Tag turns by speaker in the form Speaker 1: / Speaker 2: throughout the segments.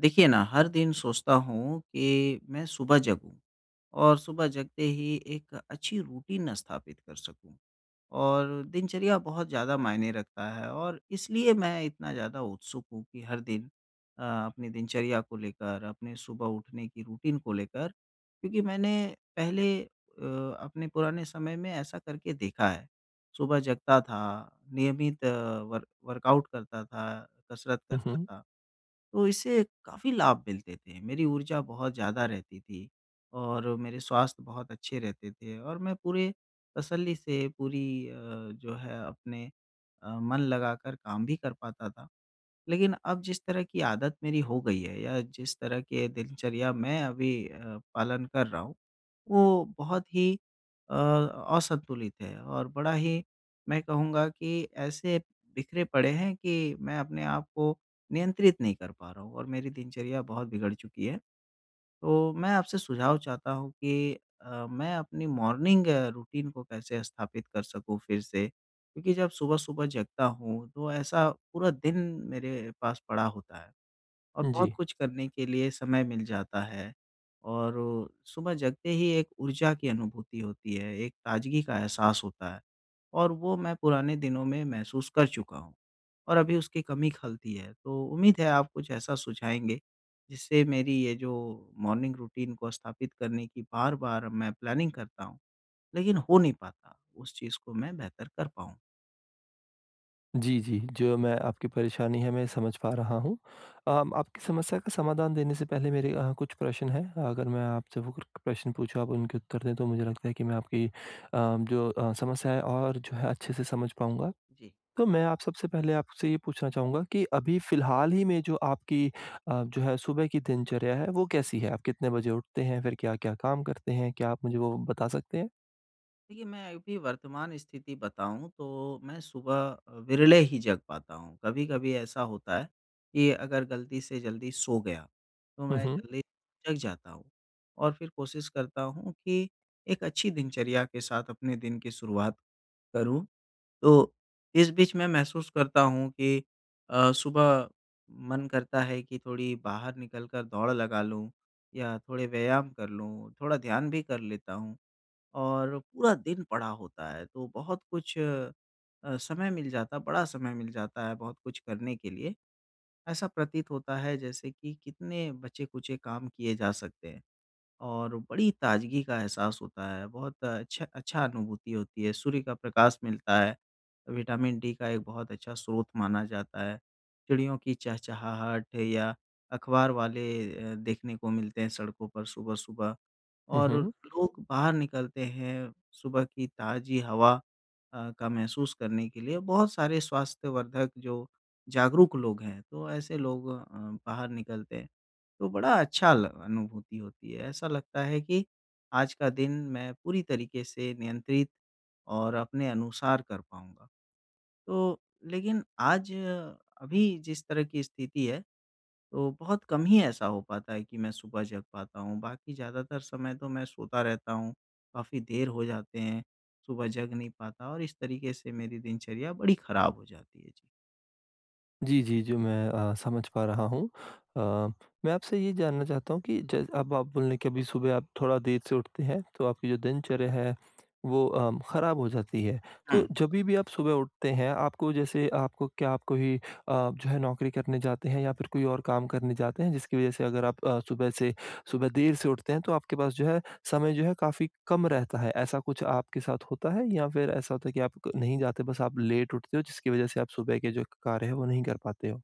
Speaker 1: देखिए ना हर दिन सोचता हूँ कि मैं सुबह जगूँ और सुबह जगते ही एक अच्छी रूटीन स्थापित कर सकूँ और दिनचर्या बहुत ज़्यादा मायने रखता है और इसलिए मैं इतना ज़्यादा उत्सुक हूँ कि हर दिन अ, अपनी दिनचर्या को लेकर अपने सुबह उठने की रूटीन को लेकर। क्योंकि मैंने पहले अ, अपने पुराने समय में ऐसा करके देखा है। सुबह जगता था, नियमित अ, वर्क वर्काउट करता था, कसरत करता
Speaker 2: उहुँ।
Speaker 1: था, तो इससे काफ़ी लाभ मिलते थे। मेरी ऊर्जा बहुत ज़्यादा रहती थी और मेरे स्वास्थ्य बहुत अच्छे रहते थे और मैं पूरे तसल्ली से पूरी अ, जो है अपने अ, मन लगाकर काम भी कर पाता था। लेकिन अब जिस तरह की आदत मेरी हो गई है या जिस तरह के दिनचर्या मैं अभी अ, पालन कर रहा हूँ वो बहुत ही अ, असंतुलित है और बड़ा ही मैं कहूँगा कि ऐसे बिखरे पड़े हैं कि मैं अपने आप को नियंत्रित नहीं कर पा रहा हूँ और मेरी दिनचर्या बहुत बिगड़ चुकी है। तो मैं आपसे सुझाव चाहता हूँ कि अ, मैं अपनी मॉर्निंग रूटीन को कैसे स्थापित कर सकूँ फिर से। क्योंकि जब सुबह-सुबह जगता हूँ तो ऐसा पूरा दिन मेरे पास पड़ा होता है और
Speaker 2: उम,
Speaker 1: बहुत
Speaker 2: जी।
Speaker 1: कुछ करने के लिए समय मिल जाता है और सुबह जगते ही एक ऊर्जा की अनुभूति होती है, एक ताज़गी का एहसास होता है और वो मैं पुराने दिनों में महसूस कर चुका हूँ और अभी उसकी कमी खलती है। तो उम्मीद है आप कुछ ऐसा सुझाएंगे जिससे मेरी ये जो मॉर्निंग रूटीन को स्थापित करने की बार-बार मैं प्लैनिंग करता हूँ लेकिन हो नहीं पाता उस चीज़ को मैं बेहतर कर पाऊँ।
Speaker 2: जी, जी। जो मैं आपकी परेशानी है, मैं समझ पा रहा हूँ। अ, आपकी समस्या का समाधान देने से पहले मेरे अ, कुछ प्रश्न हैं। अगर मैं आपसे वो प प्रश्न पूछूँ, आप उनके उत्तर दें, तो मुझे लगता है कि मैं आपकी अ, जो अ, समस्याएँ हैं और जो है अच्छे से समझ पाऊँगा।
Speaker 1: जी।
Speaker 2: तो मैं आप सबसे पहले आपसे ये पूछना चाहूँगा कि अभी फिलहाल ही में जो आपकी अ, जो है सुबह की दिनचर्या है, वो कैसी है? आप कितने बजे उठते हैं? फिर क्या-क्या काम करते हैं? क्या आप मुझे वो बता सकते हैं?
Speaker 1: देखिए मैं अभी वर्तमान स्थिति बताऊँ तो मैं सुबह अ, विरले ही जग पाता हूँ। कभी-कभी ऐसा होता है कि अगर गलती से जल्दी सो गया तो
Speaker 2: हुँ,
Speaker 1: मैं
Speaker 2: हुँ।
Speaker 1: जल्दी जग जाता हूँ और फिर कोशिश करता हूँ कि एक अच्छी दिनचर्या के साथ अपने दिन की शुरुआत करूँ। तो इस बीच मैं महसूस करता हूँ कि अ, सुबह मन करता है कि थोड़ी बाहर निकल कर दौड़ लगा लूँ या थोड़े व्यायाम कर लूँ। थोड़ा ध्यान भी कर लेता हूँ और पूरा दिन पड़ा होता है तो बहुत कुछ अ, समय मिल जाता है, बड़ा समय मिल जाता है बहुत कुछ करने के लिए। ऐसा प्रतीत होता है जैसे कि कितने बचे-खुचे काम किए जा सकते हैं और बड़ी ताजगी का एहसास होता है। बहुत अच्छा अच्छी अनुभूति होती है। सूर्य का प्रकाश मिलता है, विटामिन डी का एक बहुत अच्छा स्रोत माना जाता है। चिड़ियों की चहचहाहट या अखबार वाले अ, देखने को मिलते हैं सड़कों पर सुबह-सुबह
Speaker 2: हुँ,
Speaker 1: और
Speaker 2: हुँ।
Speaker 1: लोग बाहर निकलते हैं सुबह की ताजी हवा अ, का महसूस करने के लिए, बहुत सारे स्वास्थ्यवर्धक जो जागरूक लोग हैं तो ऐसे लोग अ, बाहर निकलते हैं तो बड़ा अच्छा ल अनुभूति होती है। ऐसा लगता है कि आज का दिन मैं पूरी तरीके से नियंत्रित और अपने अनुसार कर पाऊँगा, तो लेकिन आज अभी जिस तरह की स्थिति है तो बहुत कम ही ऐसा हो पाता है कि मैं सुबह जग पाता हूँ। बाकी ज़्यादातर समय तो मैं सोता रहता हूँ, काफ़ी देर हो जाते हैं। सुबह जग नहीं पाता और इस तरीके से मेरी दिनचर्या बड़ी ख़राब हो जाती है। जी।
Speaker 2: जी, जी। जो मैं अ, समझ पा रहा हूँ, अ, मैं आपसे ये जानना चाहता हूँ कि च अब आप बोलें कि अभी सुबह आप थोड़ा देर से उठते हैं तो आपकी जो दिनचर्या है वो अम, खराब हो जाती है। तो
Speaker 1: हाँ।
Speaker 2: जभी भी आप सुबह उठते हैं, आपको जैसे अपको क्या आप कोई अ आप जो है नौकरी करने जाते हैं या फिर कोई और काम करने जाते हैं, जिसकी वजह से अगर आप अ, सुबह से सुबह देर से उठते हैं तो आपके पास समय जो है काफ़ी कम रहता है। ऐसा कुछ आपके साथ होता है या फिर ऐसा होता है कि आप क नहीं जाते, बस आप लेट उठते हो, जिसकी वजह से आप सुबह के जो क कार्य हैं वो नहीं कर पाते हो।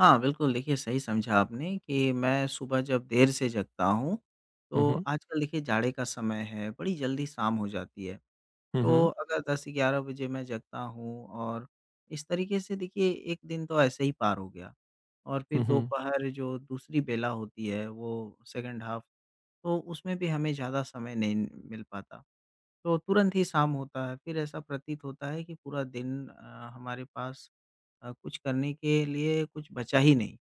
Speaker 1: हाँ, बिल्कुल देखिए सही समझा आपने कि मैं सुबह जब देर से जगता हूँ
Speaker 2: हुँ,
Speaker 1: तो
Speaker 2: हुँ।
Speaker 1: आजकल देखिए जाड़े का समय है, बड़ी जल्दी शाम हो जाती है।
Speaker 2: हुँ,
Speaker 1: तो
Speaker 2: हुँ।
Speaker 1: अगर 10-11 बजे मैं जगता हूँ और इस तरीके से देखिए एक दिन तो ऐसे ही पार हो गया और फिर
Speaker 2: हुँ, हुँ।
Speaker 1: दोपहर जो दूसरी बेला होती है वो सेकंड हाफ तो उसमें भी हमें ज़्यादा समय नहीं मिल पाता। तो तुरंत ही शाम होता है। फिर ऐसा प्रतीत होता है कि पूरा दिन अ, हमारे पास अ, कुछ करने के लिए कुछ बचा ही नहीं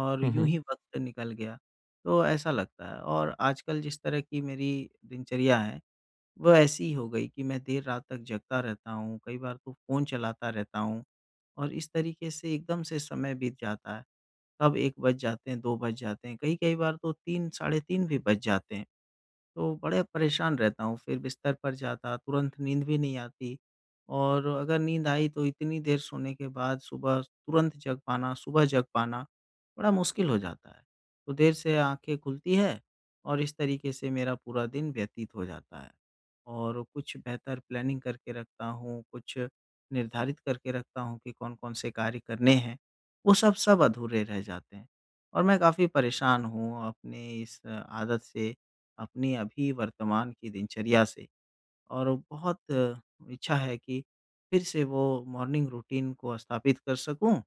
Speaker 1: और
Speaker 2: हुँ,
Speaker 1: यूँ
Speaker 2: हुँ।
Speaker 1: ही वक़्त निकल गया। तो ऐसा लगता है और आजकल जिस तरह की मेरी दिनचर्या है वो ऐसी हो गई कि मैं देर रात तक जगता रहता हूँ, कई बार तो फ़ोन चलाता रहता हूँ और इस तरीके से एकदम से समय बीत जाता है। तब 1 बज जाते हैं, 2 बज जाते हैं, कई-कई बार तो 3, साढ़े 3 भी बज जाते हैं तो बड़े परेशान रहता हूँ फिर बिस्तर पर जाता तुरंत नींद भी नहीं आती। और अगर नींद आई तो इतनी देर सोने के बाद सुबह स तुरंत जग पाना, सुबह जग पाना बड़ा मुश्किल हो जाता है। तो देर से आँखें खुलती है और इस तरीके से मेरा पूरा दिन व्यतीत हो जाता है और कुछ बेहतर प्लानिंग करके रखता हूँ, कुछ निर्धारित करके रखता हूँ कि कौन-कौन से कार्य करने हैं। वो सब सब अधूरे रह जाते हैं और मैं काफ़ी परेशान हूँ अपनी इस अ आदत से, अपनी अभी वर्तमान की दिनचर्या से और बहुत इच्छा है कि फिर से वो मॉर्निंग रूटीन को स्थापित कर सकूँ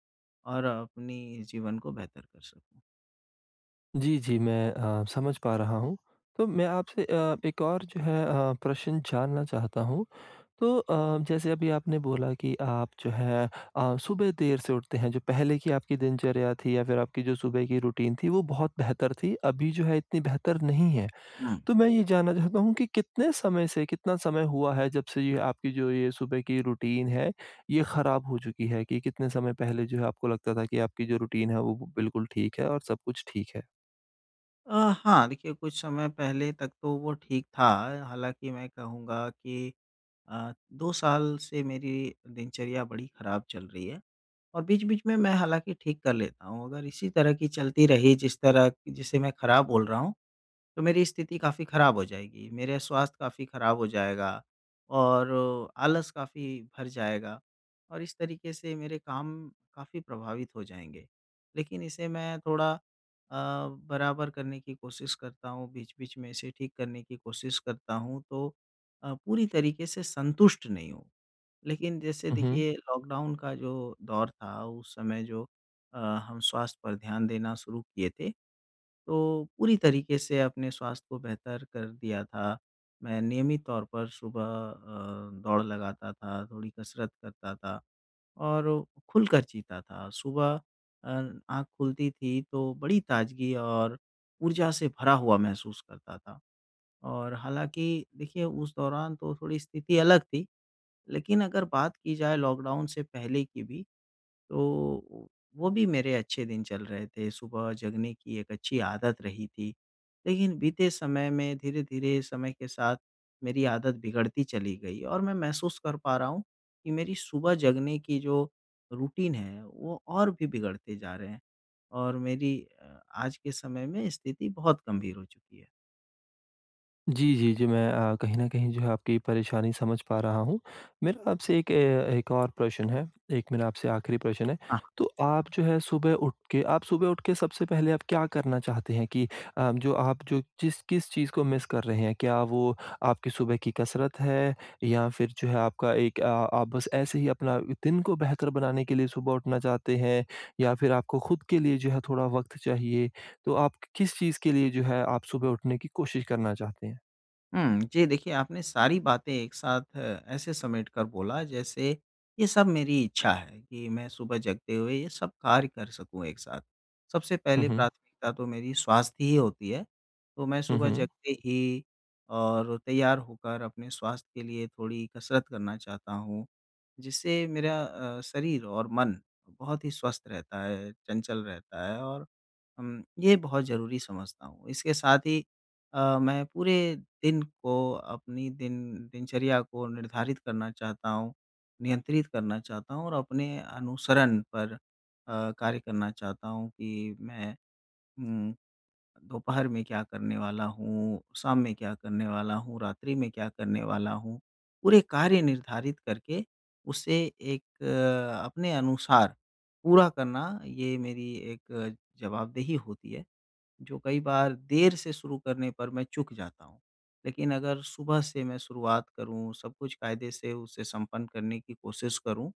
Speaker 1: और अपनी जीवन को बेहतर कर सकूँ।
Speaker 2: जी, जी, मैं अ, समझ पा रहा हूँ। तो मैं आपसे अ, एक और जो है अ, प्रश्न जानना चाहता हूँ। तो अ, जैसे अभी आपने बोला कि आप जो है अ, सुबह देर से उठते हैं, जो पहले की आपकी दिनचर्या थी या फिर आपकी जो सुबह की रूटीन थी, वो बहुत बेहतर थी। अभी जो है इतनी बेहतर नहीं है।
Speaker 1: हुँ।
Speaker 2: तो मैं ये जानना चाहता हूँ कि कितने समय से, कितना समय हुआ है, जब से ये आपकी जो ये सुबह की रूटीन है, ये खराब हो चुकी है कि कितने समय पहले जो है आपको लगता था कि आपकी जो रूटीन है वो ब बिल्कुल ठीक है और सब कुछ ठीक है?
Speaker 1: अ, हाँ, देखिए, कुछ समय पहले तक तो वो ठीक था। हालाँकि मैं कहूँगा कि अ, 2 साल से मेरी दिनचर्या बड़ी खराब चल रही है और बीच-बीच में मैं हालाँकि ठीक कर लेता हूँ। अगर इसी तरह की चलती रही, जिस तरह जिसे मैं खराब बोल रहा हूँ, तो मेरी स्थिति काफ़ी खराब हो जाएगी। मेरे स्वास्थ्य काफ़ी खराब हो जाएगा और आलस काफ़ी भर जाएगा और इस तरीके से मेरे काम काफ़ी प्रभावित हो जाएँगे। लेकिन इसे मैं थोड़ा अ, बराबर करने की कोशिश करता हूँ। बीच-बीच में इसे ठीक करने की कोशिश करता हूँ तो अ, पूरी तरीके से संतुष्ट नहीं हूँ। लेकिन जैसे
Speaker 2: उहुँ।
Speaker 1: देखिए, लॉकडाउन का जो दौर था उस समय जो अ, हम स्वास्थ्य पर ध्यान देना शुरू किए थे, तो पूरी तरीके से अपने स्वास्थ्य को बेहतर कर दिया था। मैं नियमित तौर पर सुबह अ, दौड़ लगाता था, थोड़ी कसरत करता था और खुलकर जीता था। सुबह अ, आँख खुलती थी तो बड़ी ताज़गी और ऊर्जा से भरा हुआ महसूस करता था। और हालाँकि, देखिए, उस दौरान तो थोड़ी स्थिति अलग थी। लेकिन अगर बात की जाए लॉकडाउन से पहले की भी, तो वो भी मेरे अच्छे दिन चल रहे थे। सुबह जगने की एक अच्छी आदत रही थी, लेकिन बीते समय में धीरे-धीरे समय के साथ मेरी आदत बिगड़ती चली गई और मैं महसूस कर पा रहा हूँ कि मेरी सुबह जगने की जो रूटीन है वो और भी बिगड़ते जा रहे हैं और मेरी अ, आज के समय में स्थिति बहुत गंभीर हो चुकी है।
Speaker 2: जी, जी, जी, मैं अ, कहीं न कहीं जो है आपकी परेशानी समझ पा रहा हूँ। मेरा आपसे एक ए एक और प्रश्न है। एक मेरा आपसे आखिरी प्रश्न है।
Speaker 1: हाँ, हाँ।
Speaker 2: तो आप जो है सुबह उठके आप सुबह उठके सबसे पहले आप क्या करना चाहते हैं? कि अ, जो आप जो जिस किस चीज़ को मिस कर रहे हैं? क्या वो आपकी सुबह की कसरत है या फिर जो है आपका एक अ आप बस ऐसे ही अपना दिन को बेहतर बनाने के लिए सुबह उठना चाहते हैं या फिर आपको खुद के लिए थोड़ा वक़्त चाहिए? तो आप क किस चीज़ के लिए जो है आप सुबह उठने की कोशिश करना चाहते हैं?
Speaker 1: उम, जी देखिए आपने सारी बातें एक साथ अ, ऐसे समेट कर बोला जैसे ये सब मेरी इच्छा है कि मैं सुबह जगते हुए ये सब कार्य कर सकूँ एक साथ। सबसे
Speaker 2: हुँ,
Speaker 1: पहले
Speaker 2: हुँ।
Speaker 1: प्राथमिकता तो मेरी स्वास्थ्य ही होती है, तो मैं
Speaker 2: हुँ,
Speaker 1: सुबह
Speaker 2: हुँ।।
Speaker 1: जगते ही और तैयार होकर अपने स्वास्थ्य के लिए थोड़ी कसरत करना चाहता हूँ जिससे मेरा अ, शरीर और मन बहुत ही स्वस्थ रहता है, चंचल रहता है और हम ये बहुत ज़रूरी समझता हूँ। इसके साथ ही अ, मैं पूरे दिन को अपनी दिन दिनचर्या को निर्धारित करना चाहता हूँ, नियंत्रित करना चाहता हूँ और अपने अनुसरण पर अ, कार्य करना चाहता हूँ कि मैं, उम, दोपहर में क्या करने वाला हूँ, शाम में क्या करने वाला हूँ, रात्रि में क्या करने वाला हूँ? पूरे कार्य निर्धारित करके उसे एक अ, अपने अनुसार पूरा करना ये मेरी एक जवाबदेही होती है जो कई बार देर से शुरू करने पर मैं चूक जाता हूँ। लेकिन अगर सुबह से मैं शुरुआत करूँ, सब कुछ कायदे से उसे संपन्न करने की कोशिश करूँ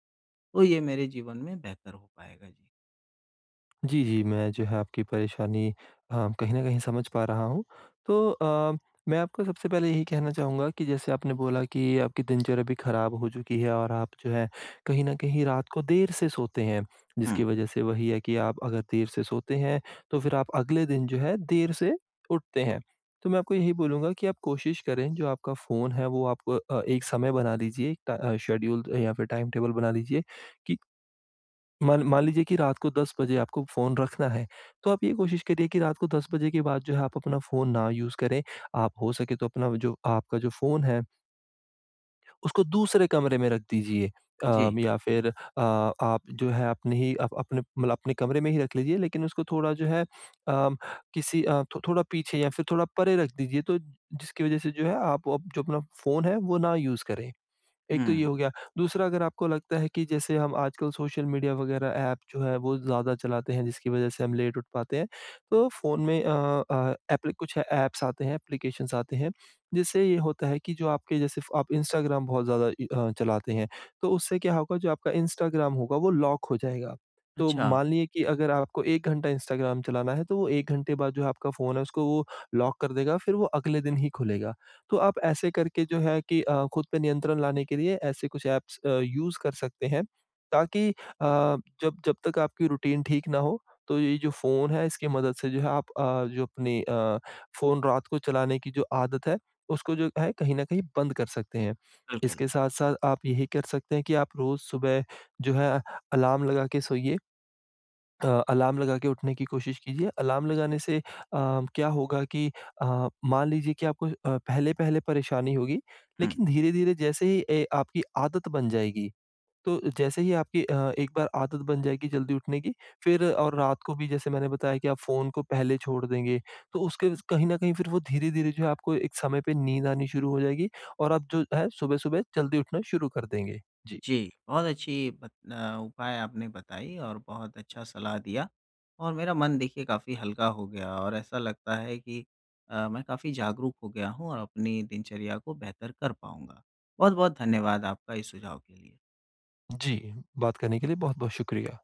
Speaker 1: तो ये मेरे जीवन में बेहतर हो पाएगा जी।
Speaker 2: जी, जी, मैं जो है आपकी परेशानी हाँ, कहीं न कहीं समझ पा रहा हूँ। तो अ, मैं आपको सबसे पहले यही कहना चाहूँगा कि जैसे आपने बोला कि आपकी दिनचर्या भी खराब हो चुकी है और आप जो है कहीं न कहीं रात को देर से सोते हैं, जिसकी
Speaker 1: हुँ।
Speaker 2: वजह से वही है कि आप अगर देर से सोते हैं, तो फिर आप अगले दिन जो है देर से उठते हैं। तो मैं आपको यही बोलूँगा कि आप कोशिश करें जो आपका फ़ोन है वो आप अ, एक समय बना लीजिए टा अ, शेड्यूल अ, या फिर टाइमटेबल बना लीजिए कि ...मान मान लीजिए कि रात को 10 बजे आपको फ़ोन रखना है, तो आप ये कोशिश करिए कि रात को 10 बजे के बाद जो है आप अपना फोन ना यूज़ करें। आप हो सके तो अपना जो आपका जो फ़ोन है उसको दूसरे कमरे में रख दीजिए अ,
Speaker 1: जी।
Speaker 2: या फिर अ आप जो है अपने ही अप अपने मतलब अपने कमरे में ही रख लीजिए, लेकिन उसको थोड़ा जो है अ, किसी अ, थो थोड़ा पीछे या फिर थोड़ा परे रख दीजिए तो जिसकी वजह से जो है आप अप जो अपना फ़ोन है, वो ना यूज़ करें। एक तो ये
Speaker 1: हुँ।
Speaker 2: हो गया, दूसरा अगर आपको लगता है कि जैसे हम आजकल सोशल मीडिया वगैरह ऐप जो है वो ज़्यादा चलाते हैं, जिसकी वजह से हम लेट उठ पाते हैं, तो फ़ोन में अ अ, एप्लि कुछ अ, ऐप्स आते हैं, एप्लिकेशन्स आते हैं, जिससे ये होता है कि जो आपके जैसे फ़ आप इंस्टाग्राम बहुत ज़्यादा इ हाँ चलाते हैं, तो उससे क्या होगा, जो आपका इंस्टाग्राम होगा वो लॉक हो जाएगा। तो
Speaker 1: अच्छा।
Speaker 2: मान लीजिए कि अगर आपको 1 घंटा इंस्टाग्राम चलाना है, तो 1 घंटे बाद जो आपका फ़ोन है उसको वो लॉक कर देगा, फिर वो अगले दिन ही खुलेगा। तो आप ऐसे करके जो है कि अ, खुद पे नियंत्रण लाने के लिए ऐसे कुछ ऐप्स अ, यूज़ कर सकते हैं ताकि अ, जब जब, तक आपकी रूटीन ठीक ना हो, तो ये जो फ़ोन है इसकी मदद से जो है आप अ, जो अपनी अ, फ़ोन रात को चलाने की जो आदत है, उसको जो है कहीं न कहीं बंद कर सकते हैं।
Speaker 1: बिल्कुल।
Speaker 2: इसके साथ-साथ आप यही कर सकते हैं कि आप रोज़ सुबह, जो है अलार्म लगा के सोइए, अलार्म लगा के उठने की कोशिश कीजिए। अलार्म लगाने से अ, क्या होगा कि अ, मान लीजिए कि आपको अ, पहले-पहले परेशानी होगी
Speaker 1: हुँ।
Speaker 2: लेकिन धीरे-धीरे जैसे ही ए आपकी आदत बन जाएगी, तो जैसे ही आपकी अ, एक बार आदत बन जाएगी जल्दी उठने की, फिर और रात को भी जैसे मैंने बताया कि आप फ़ोन को पहले छोड़ देंगे, तो उसके कहीं न कहीं फिर वो धीरे-धीरे जो है आपको एक समय पे नींद आनी शुरू हो जाएगी और आप जो है सुबह-सुबह जल्दी उठना शुरू कर देंगे। जी।
Speaker 1: जी। बहुत अच्छी बत न उपाय आपने बताई और बहुत अच्छा सलाह दिया और मेरा मन देखिए काफ़ी हल्का हो गया और ऐसा लगता है कि अ, मैं काफ़ी जागरूक हो गया हूँ और अपनी दिनचर्या को बेहतर कर पाऊँगा। बहुत-बहुत धन्यवाद आपका इस सुझाव के लिए।
Speaker 2: जी, बात करने के लिए बहुत-बहुत शुक्रिया।